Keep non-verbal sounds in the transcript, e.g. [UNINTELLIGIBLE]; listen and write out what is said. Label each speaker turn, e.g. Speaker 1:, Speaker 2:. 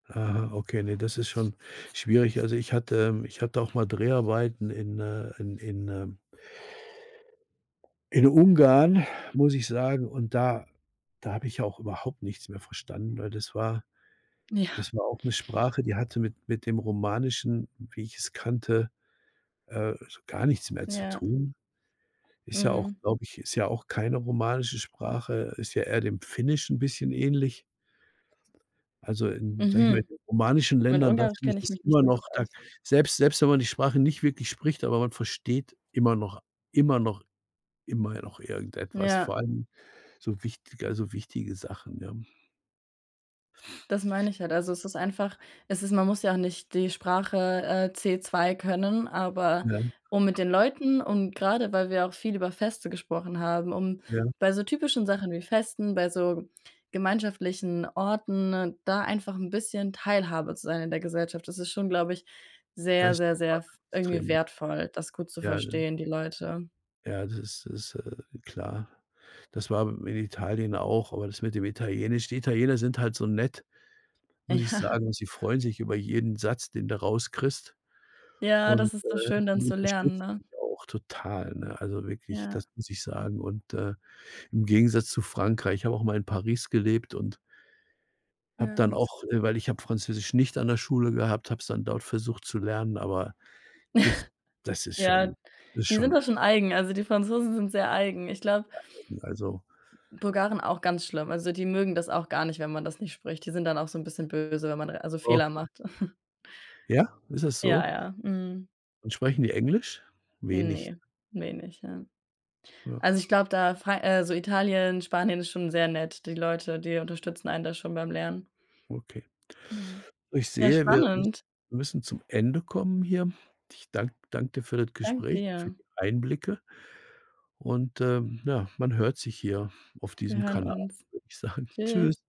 Speaker 1: Aha, okay, ne, das ist schon schwierig. Also ich hatte ähm, ich hatte auch mal Dreharbeiten in äh, in in, ähm in Ungarn, muss ich sagen und da da habe ich auch überhaupt nichts mehr verstanden, weil das war
Speaker 2: Ja.
Speaker 1: das war auch 'ne Sprache, die hatte mit mit dem Romanischen, wie ich's kannte, äh, so gar nichts mehr zu
Speaker 2: Ja.
Speaker 1: tun. Ist ja auch
Speaker 2: Mhm.
Speaker 1: glaube ich, ist ja auch keine romanische Sprache, ist ja eher dem Finnischen 'n bisschen ähnlich. Also in- sage ich mal- in
Speaker 2: Mhm.
Speaker 1: den romanischen
Speaker 2: Mit
Speaker 1: Ländern, da
Speaker 2: Ungarisch
Speaker 1: finde ich
Speaker 2: kenne ich
Speaker 1: das
Speaker 2: mich nicht
Speaker 1: immer
Speaker 2: so gut
Speaker 1: noch da
Speaker 2: aus.
Speaker 1: selbst selbst wenn man die Sprache nicht wirklich spricht, aber man versteht immer noch immer noch immerhin noch irgendetwas,
Speaker 2: Ja.
Speaker 1: vor allem so wichtig also wichtige Sachen, ja?
Speaker 2: Das meine ich halt. Also, es ist einfach es ist man muss ja auch nicht die Sprache, äh, C2 können, aber
Speaker 1: Ja.
Speaker 2: um mit den Leuten und grade weil wir auch viel über Feste gesprochen haben, um
Speaker 1: Ja.
Speaker 2: bei so typischen Sachen wie Festen, bei so gemeinschaftlichen Orten, da einfach 'n bisschen Teilhabe zu sein in der Gesellschaft. Das ist schon, glaube ich,
Speaker 1: Da
Speaker 2: sehr,
Speaker 1: ist
Speaker 2: sehr,
Speaker 1: die
Speaker 2: sehr
Speaker 1: Sprache
Speaker 2: f irgendwie
Speaker 1: extrem.
Speaker 2: wertvoll, das gut zu
Speaker 1: Ja, ne?
Speaker 2: verstehen die Leute.
Speaker 1: Ja, das ist ist, äh, klar. Das war in Italien auch, aber das mit dem Italienisch die Italiener sind halt so nett, muss ich
Speaker 2: Ja.
Speaker 1: sagen. Sie freuen sich über jeden Satz, den du rauskriegst
Speaker 2: Ja,
Speaker 1: und,
Speaker 2: das ist
Speaker 1: äh,
Speaker 2: doch schön
Speaker 1: die
Speaker 2: dann zu lernen,
Speaker 1: unterstützen
Speaker 2: ne?
Speaker 1: dich auch total, ne? Also wirklich,
Speaker 2: Ja.
Speaker 1: das muss ich sagen und, äh im Gegensatz zu Frankreich, ich habe auch mal in Paris gelebt und habe
Speaker 2: Ja,
Speaker 1: dann
Speaker 2: hat's.
Speaker 1: auch äh, weil ich habe Französisch nicht an der Schule gehabt, habe es dann dort versucht zu lernen, aber das
Speaker 2: [CHUCKLES]
Speaker 1: das ist
Speaker 2: Ja,
Speaker 1: schon ist
Speaker 2: die sind
Speaker 1: schon
Speaker 2: da schon eigen. Also die Franzosen sind sehr eigen. Ich glaube
Speaker 1: [UNINTELLIGIBLE] also
Speaker 2: Bulgaren auch ganz schlimm. Also, die mögen das auch gar nicht, wenn man das nicht spricht. Die sind dann auch so 'n bisschen böse, wenn man also Fehler
Speaker 1: Okay.
Speaker 2: macht. [CHUCKLES]
Speaker 1: Ja, ist das so?
Speaker 2: Ja, ja, mhm.
Speaker 1: Und sprechen die Englisch? Wenig.
Speaker 2: Ne, wenig, ja.
Speaker 1: Ja.
Speaker 2: Also, ich glaube da, Fra äh, so Italien, Spanien ist schon sehr nett. Die Leute, die unterstützen einen da schon beim Lernen.
Speaker 1: Okay.
Speaker 2: Mhm.
Speaker 1: Ich
Speaker 2: Ja,
Speaker 1: sehe, wir müss
Speaker 2: spannend.
Speaker 1: müssen zum Ende kommen hier. Ich danke danke dir für das
Speaker 2: Danke
Speaker 1: Gespräch, für
Speaker 2: dir.
Speaker 1: die Einblicke und, ähm, ja, man hört sich hier auf
Speaker 2: Wir
Speaker 1: diesem
Speaker 2: hören
Speaker 1: Kanal,
Speaker 2: uns.
Speaker 1: würde ich sagen. Tschüss.
Speaker 2: Tschüss.